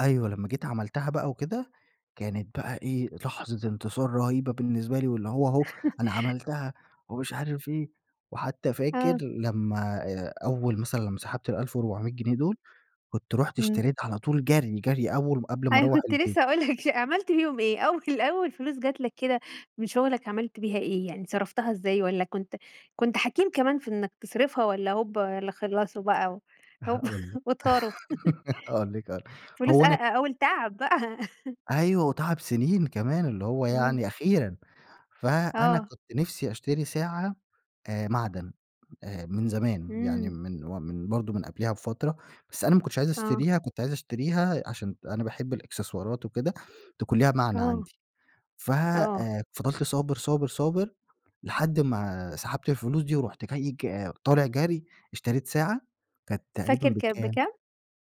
أيوة لما جيت عملتها بقى وكده، كانت بقى إيه لحظة انتصار رهيبة بالنسبة لي، واللي هو اهو أنا عملتها ومش عارف إيه، وحتى فاكر آه. لما آآ أول مثلًا لما سحبت ال1400 جنيه دول، كنت رُحت امم. اشتريت على طول جري جري أول قبل ما أنا أروَّح كنت البيت. لسه هاقول لك عملت بيهم إيه؟ أول أول فلوس جت لك كده من شغلك عملت بيها إيه يعني صرفتها إزاي؟ وألّا كنت كنت حكيم كمان في إنك تصرفها، والّا هوبا اللي خلصوا بقى هوبا هاقول لِك وطاروا؟ هاقول لِك هاقول لِك فلوس هو أ انا أول تعب بقى أيوه وتعب سننين كمان اللي هو إمم. يعني أخيرًا، فأنا آه. كنت نفسي أشتري ساعة آآ معدن آآ من زمان يعني إمم. من من برضه من قبليها بفترة، بس أنا ما كنتش عايز آه. أشتريها، كنت عايز أشتريها عشان أنا باحب الإكسسوارات وكده تكون ليها معنى آه. عندي، فَ آه. آآ فضلت صابر صابر صابر لحد ما سحبت الفلوس دي ورُحت جاي ك طالع جري اشتريت ساعة كانت تقريبًا فاكر كانت بكام بكام؟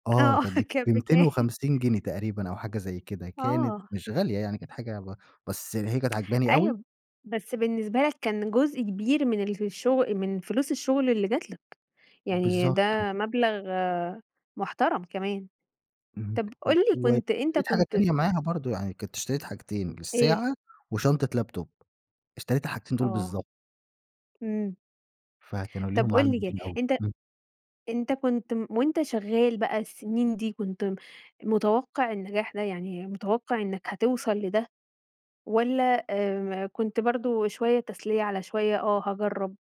آه آه كانت كانت بميتين بكام؟ وخمسين جنيه تقريبًا أو حاجة زي كده كانت آه. مش غالية يعني كانت حاجة ب بس هي كانت عاجباني أوي. أيوه بس بالنسبة لك كان جزء كبير من اللي في الشغ من فلوس الشغل اللي جت لك، يعني بالضبط ده كده. مبلغ محترم كمان. اهم طب و قُل لي كنت أنت واشتريت حاجة كنت تانية معاها برضه، يعني كنت اشتريت حاجتين إيه؟ الساعة، وشنطة لابتوب اشتريت الحاجتين دول آه بالضبط. امم. فكانوا ليهم طب معاني قُل لي كده جامدين أوي أنت امم. أنت كنت وأنت شغال بقى السنين دي كنت م متوقع النجاح ده يعني متوقع إنك هتوصل لده، والّا آآ كنت برضه شوية تسلية على شوية آه هاجرّب؟